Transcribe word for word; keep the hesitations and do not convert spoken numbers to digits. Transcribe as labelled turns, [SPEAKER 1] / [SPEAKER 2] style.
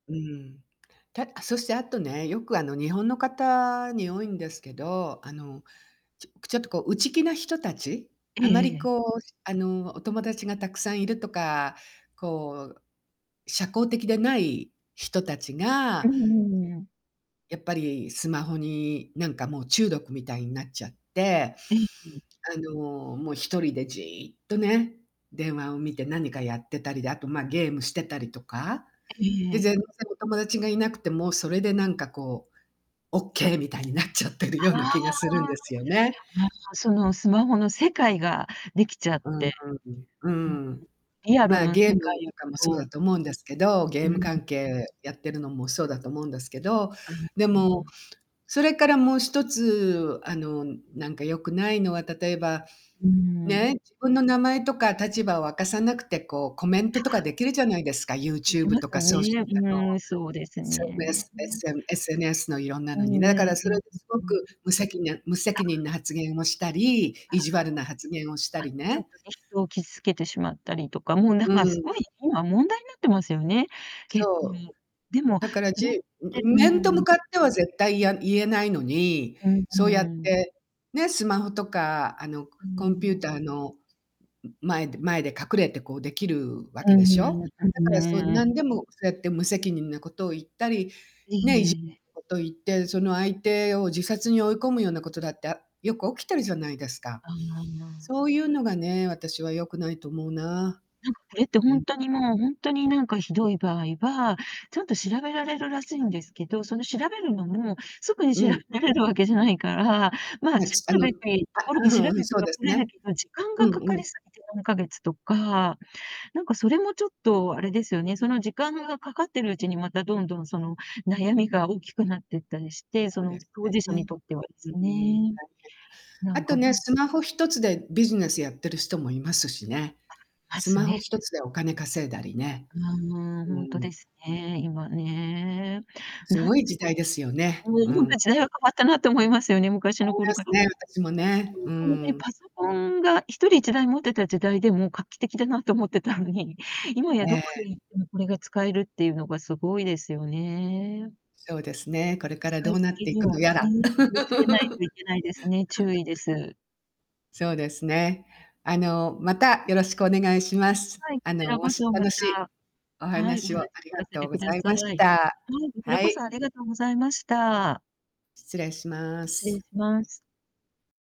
[SPEAKER 1] うん。たあ、そしてあとね、よくあの、日本の方に多いんですけど、あの、ちょくちょっとこう内気な人たち、
[SPEAKER 2] え
[SPEAKER 1] あま
[SPEAKER 2] え
[SPEAKER 1] り
[SPEAKER 2] ええ。
[SPEAKER 1] こう、しあの、お友達がたくさんいるとか、こう、社交的でない人たち
[SPEAKER 2] う
[SPEAKER 1] が
[SPEAKER 2] んうんうん。
[SPEAKER 1] やっぱり、スマホになんかもう中毒みたいになっちゃって。
[SPEAKER 2] ええ、ふん。
[SPEAKER 1] あの、もう一人でじっとね、電話を見て何かやってたりで、あとま、ゲームしてたりとか、
[SPEAKER 2] え
[SPEAKER 1] で、
[SPEAKER 2] え。
[SPEAKER 1] 全然お友達がいなくてもそれでなんか、こう、オッケーみたいになっちゃってるような
[SPEAKER 2] ああ。
[SPEAKER 1] 気がするんですよね。
[SPEAKER 2] ま、そのスマホの世界ができちゃっ
[SPEAKER 1] う
[SPEAKER 2] て、
[SPEAKER 1] ーん、う
[SPEAKER 2] うんうん、
[SPEAKER 1] ん。
[SPEAKER 2] リアル
[SPEAKER 1] ま、
[SPEAKER 2] の
[SPEAKER 1] ゲー
[SPEAKER 2] 世
[SPEAKER 1] ム
[SPEAKER 2] 界
[SPEAKER 1] とかもそうだ
[SPEAKER 2] と
[SPEAKER 1] と思うんですけど、ゲ
[SPEAKER 2] う
[SPEAKER 1] ーム
[SPEAKER 2] ん。
[SPEAKER 1] 関係やってるのもそうだと思うんですけど、
[SPEAKER 2] あ、
[SPEAKER 1] で
[SPEAKER 2] そ
[SPEAKER 1] も、
[SPEAKER 2] う。
[SPEAKER 1] それからもう一つあの、なんか良くないのは、例えば、
[SPEAKER 2] うん。
[SPEAKER 1] ね、自分の名前とか立場を明かさなくてこうコメ
[SPEAKER 2] あ、そ
[SPEAKER 1] ントとかできるじゃないですか、
[SPEAKER 2] う、できま
[SPEAKER 1] YouTube と
[SPEAKER 2] す
[SPEAKER 1] かソーシ
[SPEAKER 2] ね、
[SPEAKER 1] あの、
[SPEAKER 2] うん、そうですね。
[SPEAKER 1] SMS SM SNS の色んな
[SPEAKER 2] う
[SPEAKER 1] の
[SPEAKER 2] ん
[SPEAKER 1] に。
[SPEAKER 2] うん
[SPEAKER 1] なからそ
[SPEAKER 2] うん、
[SPEAKER 1] れ
[SPEAKER 2] う
[SPEAKER 1] ですご
[SPEAKER 2] うん。
[SPEAKER 1] く無責な無
[SPEAKER 2] あ。
[SPEAKER 1] 責任な発言をしたり、
[SPEAKER 2] あ、あ
[SPEAKER 1] 意
[SPEAKER 2] の、
[SPEAKER 1] 地悪な発言をした
[SPEAKER 2] うん、あ、
[SPEAKER 1] り
[SPEAKER 2] ちょっ
[SPEAKER 1] ね。
[SPEAKER 2] とね、人を傷つけてしまったりとか、もうなん
[SPEAKER 1] うーん、
[SPEAKER 2] か
[SPEAKER 1] う
[SPEAKER 2] すごい
[SPEAKER 1] ん。
[SPEAKER 2] 今問題になってますよね、結
[SPEAKER 1] そう。
[SPEAKER 2] 構でも、
[SPEAKER 1] だから
[SPEAKER 2] それっ
[SPEAKER 1] じう
[SPEAKER 2] て
[SPEAKER 1] ん、
[SPEAKER 2] う
[SPEAKER 1] 面と向
[SPEAKER 2] ん。
[SPEAKER 1] かっては絶対いや言えないのに、
[SPEAKER 2] うん
[SPEAKER 1] そう
[SPEAKER 2] う
[SPEAKER 1] やっ
[SPEAKER 2] ーん。
[SPEAKER 1] て、ね、スマホとかあの、コ
[SPEAKER 2] うー
[SPEAKER 1] コンピューター
[SPEAKER 2] ん。
[SPEAKER 1] の、んん、前で前で隠れてこう、できるわけ
[SPEAKER 2] うん
[SPEAKER 1] で
[SPEAKER 2] う
[SPEAKER 1] し
[SPEAKER 2] ん
[SPEAKER 1] ょ？
[SPEAKER 2] う
[SPEAKER 1] だ
[SPEAKER 2] ん
[SPEAKER 1] からそう
[SPEAKER 2] うーん。
[SPEAKER 1] なんでもそうやって無責任なことを言ったり、ね、いじ
[SPEAKER 2] ええ。
[SPEAKER 1] なこと言って、その相手を自殺に追い込むようなことだってあよく起きてるじゃないですか。
[SPEAKER 2] ああ。
[SPEAKER 1] そういうのがね、私は良くないと思うな。
[SPEAKER 2] なんか、これって
[SPEAKER 1] う
[SPEAKER 2] ほ
[SPEAKER 1] ん、
[SPEAKER 2] ん
[SPEAKER 1] う
[SPEAKER 2] とにもう、
[SPEAKER 1] うん。
[SPEAKER 2] ほんとになんかひどい場合は、ちゃんと調べられるらしいんですけど、その調べるのも、すぐに
[SPEAKER 1] う
[SPEAKER 2] 調
[SPEAKER 1] ん。
[SPEAKER 2] べれるわけじゃないから、ま、
[SPEAKER 1] あ
[SPEAKER 2] し
[SPEAKER 1] ちあ
[SPEAKER 2] く
[SPEAKER 1] の、あ、
[SPEAKER 2] べてところ
[SPEAKER 1] う
[SPEAKER 2] で調べ
[SPEAKER 1] ふん、そ
[SPEAKER 2] て
[SPEAKER 1] う
[SPEAKER 2] は
[SPEAKER 1] です
[SPEAKER 2] くれる
[SPEAKER 1] ね。
[SPEAKER 2] けど、時間
[SPEAKER 1] う
[SPEAKER 2] が
[SPEAKER 1] ん
[SPEAKER 2] か
[SPEAKER 1] う
[SPEAKER 2] か
[SPEAKER 1] ん。
[SPEAKER 2] りすぎて何ヶ月とか、なんかそれもちょっとあれですよね。その時間がかかってるうちに、またどんどんその悩みが大きくなってったりして、そ
[SPEAKER 1] そうで
[SPEAKER 2] の
[SPEAKER 1] す
[SPEAKER 2] 当
[SPEAKER 1] ね。
[SPEAKER 2] 事者
[SPEAKER 1] う
[SPEAKER 2] に
[SPEAKER 1] ん。
[SPEAKER 2] とってはです
[SPEAKER 1] 大変だ
[SPEAKER 2] ね。な
[SPEAKER 1] あ
[SPEAKER 2] んか
[SPEAKER 1] と
[SPEAKER 2] ほ
[SPEAKER 1] ね、
[SPEAKER 2] ん
[SPEAKER 1] スマホ一つでビジネスやってる人もいますしね。
[SPEAKER 2] あ、ま
[SPEAKER 1] ス
[SPEAKER 2] す
[SPEAKER 1] マホ
[SPEAKER 2] ね。
[SPEAKER 1] 一つでお金稼いだりね。
[SPEAKER 2] うん、
[SPEAKER 1] う
[SPEAKER 2] ほんと
[SPEAKER 1] ん。
[SPEAKER 2] ですね、今ね、
[SPEAKER 1] す
[SPEAKER 2] なん
[SPEAKER 1] ご
[SPEAKER 2] で
[SPEAKER 1] い時代ですよね、
[SPEAKER 2] もも
[SPEAKER 1] う
[SPEAKER 2] うほん
[SPEAKER 1] ん。
[SPEAKER 2] と時代は変わったなって思いますよね、昔の
[SPEAKER 1] 思い
[SPEAKER 2] 頃
[SPEAKER 1] ま
[SPEAKER 2] か
[SPEAKER 1] す
[SPEAKER 2] ら。
[SPEAKER 1] ね、私も
[SPEAKER 2] ほん
[SPEAKER 1] ね、
[SPEAKER 2] とに
[SPEAKER 1] う
[SPEAKER 2] 完全
[SPEAKER 1] ん。
[SPEAKER 2] パソコンがひとりいちだい持ってた時代でも画期的だなと思ってたのに、今や
[SPEAKER 1] え
[SPEAKER 2] どこ
[SPEAKER 1] え。
[SPEAKER 2] に行ってもこれが使えるっていうのが凄いですよね。
[SPEAKER 1] そうですね、これから
[SPEAKER 2] 使
[SPEAKER 1] ど
[SPEAKER 2] い
[SPEAKER 1] う
[SPEAKER 2] す
[SPEAKER 1] なっ
[SPEAKER 2] ぎ
[SPEAKER 1] てい
[SPEAKER 2] に
[SPEAKER 1] く
[SPEAKER 2] は
[SPEAKER 1] のやら。
[SPEAKER 2] ね、気をつけないといけないですね、注 意です。
[SPEAKER 1] そうですね。あの、またよろしくお願いします。
[SPEAKER 2] はい、
[SPEAKER 1] あ
[SPEAKER 2] こち
[SPEAKER 1] の、
[SPEAKER 2] ら
[SPEAKER 1] お
[SPEAKER 2] こ
[SPEAKER 1] し
[SPEAKER 2] そ、ま
[SPEAKER 1] 楽しい
[SPEAKER 2] た、
[SPEAKER 1] お
[SPEAKER 2] はい、お
[SPEAKER 1] 話
[SPEAKER 2] 話
[SPEAKER 1] を
[SPEAKER 2] 聞
[SPEAKER 1] ありが
[SPEAKER 2] かせ
[SPEAKER 1] と
[SPEAKER 2] て
[SPEAKER 1] うご
[SPEAKER 2] くだ
[SPEAKER 1] ざい
[SPEAKER 2] さい。
[SPEAKER 1] ま
[SPEAKER 2] は
[SPEAKER 1] し
[SPEAKER 2] い、
[SPEAKER 1] た。
[SPEAKER 2] こちら
[SPEAKER 1] は
[SPEAKER 2] こそ
[SPEAKER 1] い。
[SPEAKER 2] ありがとうございました。
[SPEAKER 1] 失礼しま
[SPEAKER 2] 失礼
[SPEAKER 1] す。
[SPEAKER 2] します。